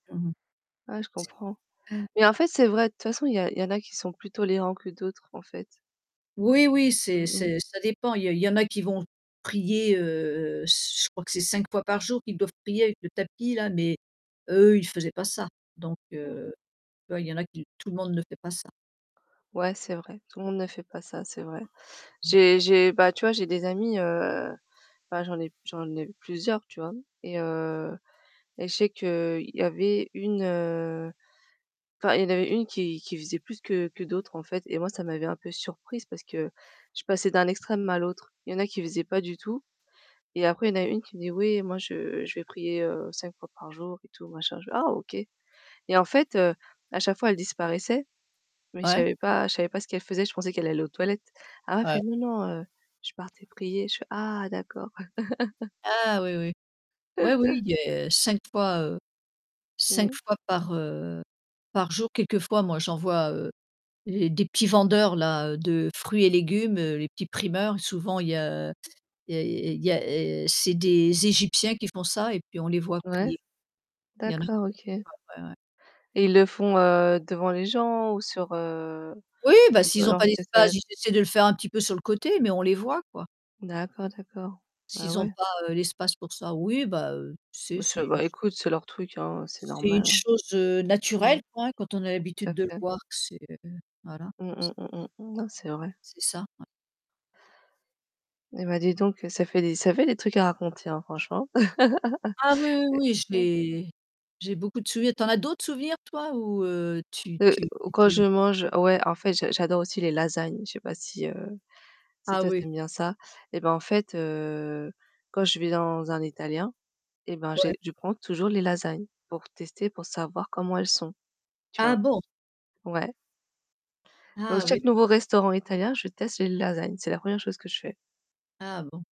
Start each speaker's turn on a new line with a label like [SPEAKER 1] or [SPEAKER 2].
[SPEAKER 1] Mmh
[SPEAKER 2] Ah, je comprends.
[SPEAKER 1] mh.
[SPEAKER 2] Mais en fait, c'est vrai, de toute façon, il y a il y en a qui sont plus tolérants que d'autres, en fait.
[SPEAKER 1] Oui, oui, c'est
[SPEAKER 2] Mmh mh.
[SPEAKER 1] c'est ça dépend. Il y en il y en a qui vont prier, heu heu, je crois que c'est 5 fois par jour qu'ils doivent prier avec le tapis, là mais eux, ils faisaient pas ça. Donc
[SPEAKER 2] Mmh.
[SPEAKER 1] heu, tu vois? Il y en a qui tout le monde ne fait pas ça.
[SPEAKER 2] Ouais, c'est vrai. Tout le monde ne fait pas ça, c'est vrai. J'ai j'ai bah, tu vois, j'ai des amis, heu, bah, j'en ai p j'en ai plusieurs, tu vois? Et heu, et je sais qu'il y avait une, heu, enfin, il y en avait une qui qui faisait plus que que d'autres, en fait et moi, ça m'avait un peu surprise parce que je passais d'un extrême à l'autre. Il y en a qui faisaient pas du tout et après il y a une qui me dit: «Oui, moi, je je vais prier, heu, 5 fois par jour» et tout, machin. Je fais: «Ah, OK». Et en fait, heu, à chaque fois, elle disparaissait mais je
[SPEAKER 1] Ouais.
[SPEAKER 2] savais pas je savais pas ce qu'elle faisait. Je pensais qu'elle allait aux toilettes. Ah, elle me fait:
[SPEAKER 1] Ouais.
[SPEAKER 2] «Non, non, heu, je partais prier. Je fais: Ah, d'accord.»
[SPEAKER 1] Ah, oui, oui. Oui, oui, il y 5 fois, heu,
[SPEAKER 2] Mmh
[SPEAKER 1] 5
[SPEAKER 2] mh.
[SPEAKER 1] fois par, heu, par jour. Quelquefois, moi, j'en vois, heu, et des petits vendeurs-là, heu, de fruits et légumes, heu, les petits primeurs, souvent, il y a il y il y il y a et c'est des Égyptiens qui font ça et puis on les voit
[SPEAKER 2] Ouais.
[SPEAKER 1] prier. Il y en qu
[SPEAKER 2] D'accord, OK.
[SPEAKER 1] [unintelligible] ouais, ouais.
[SPEAKER 2] Et ils le font, heu, devant les gens ou sur, heu,
[SPEAKER 1] Oui, bah, s'ils ont
[SPEAKER 2] leur?
[SPEAKER 1] pas d'espace,
[SPEAKER 2] [unintelligible]
[SPEAKER 1] ils essaient de le faire un petit peu sur le côté, mais on les voit, quoi.
[SPEAKER 2] D'accord, d'accord. Bah,
[SPEAKER 1] S'ils n'ont
[SPEAKER 2] ouais.
[SPEAKER 1] pas, heu, l'espace pour ça oui, bah, heu, c'est
[SPEAKER 2] Bah,
[SPEAKER 1] c'est
[SPEAKER 2] ça,
[SPEAKER 1] u
[SPEAKER 2] bah, écoute, c'est leur truc, hein, heu, c'est
[SPEAKER 1] c'est
[SPEAKER 2] normal,
[SPEAKER 1] une
[SPEAKER 2] hein.
[SPEAKER 1] chose, heu,
[SPEAKER 2] Mmh.
[SPEAKER 1] naturelle, quoi, hein, quand on a
[SPEAKER 2] Tout
[SPEAKER 1] l'habitude
[SPEAKER 2] à
[SPEAKER 1] de le
[SPEAKER 2] fait.
[SPEAKER 1] voir. C'est, heu voilà,
[SPEAKER 2] Mmh.
[SPEAKER 1] c
[SPEAKER 2] Mmh. Mmh. Mmh. Non, c'est vrai.
[SPEAKER 1] C'est ça, ouais.
[SPEAKER 2] Eh, bah, dis donc, heu, ça fait des ça fait des trucs à raconter, hein, franchement.
[SPEAKER 1] Ah, oui, oui,
[SPEAKER 2] Et
[SPEAKER 1] oui, je
[SPEAKER 2] ouais.
[SPEAKER 1] l'ai j'ai beaucoup de souvenirs. Tu en as d'autres des souvenirs, toi? Ou heu, tu
[SPEAKER 2] Heu,
[SPEAKER 1] tu
[SPEAKER 2] quand
[SPEAKER 1] tu
[SPEAKER 2] je mange, ouais, en fait, j'a j'adore aussi les lasagnes. Je sais pas si, heu, si,
[SPEAKER 1] Ah,
[SPEAKER 2] toi,
[SPEAKER 1] oui.
[SPEAKER 2] tu aimes bien ça. Eh, bah, en fait, heu, quand je vais dans un italien, eh, ben,
[SPEAKER 1] Ouais.
[SPEAKER 2] j'ai je prends toujours les lasagnes pour tester, pour savoir comment elles sont, tu
[SPEAKER 1] Ah,
[SPEAKER 2] vois?
[SPEAKER 1] bon.
[SPEAKER 2] Ouais. Donc
[SPEAKER 1] Ah, oui,
[SPEAKER 2] chaque nouveau
[SPEAKER 1] d'accord.
[SPEAKER 2] restaurant italien, je teste les lasagnes, c'est la 1re chose que je fais.
[SPEAKER 1] Ah, bon.